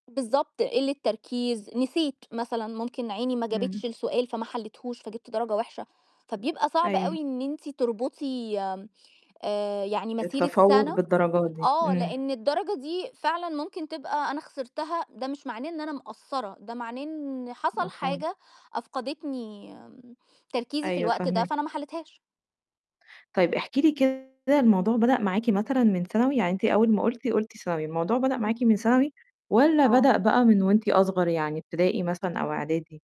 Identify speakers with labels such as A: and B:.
A: بالضبط قلّة تركيز، نسيت مثلًا ممكن عيني ما
B: إمم.
A: جابتش السؤال فما حليتهوش فجِبت درجة وحشة، فبيبقى صعب
B: أيوه.
A: أوي إن أنتِ تربطي آآ، يعني مسيرة
B: التفوّق
A: سنة
B: بالدرجات دي،
A: آه،
B: امم.
A: لأن الدرجة دي فعلًا ممكن تبقى أنا خسرتها ده مش معناه إن أنا مقصّرة، ده معناه إن حصل
B: مفهوم.
A: حاجة، أفقدتني تركيزي في
B: أيوه،
A: الوقت ده،
B: فاهماكِ.
A: فأنا ما حليتهاش.
B: طيب، احكي لي كده الموضوع بدأ معاكِ مثلًا من ثانوي؟ يعني أنتِ أول ما قُلتِ، قُلتِ ثانوي، الموضوع بدأ معاكِ من ثانوي؟ والَّا
A: آه.
B: بدأ بقى من وأنتِ أصغر يعني ابتدائي مثلًا، أو إعدادي؟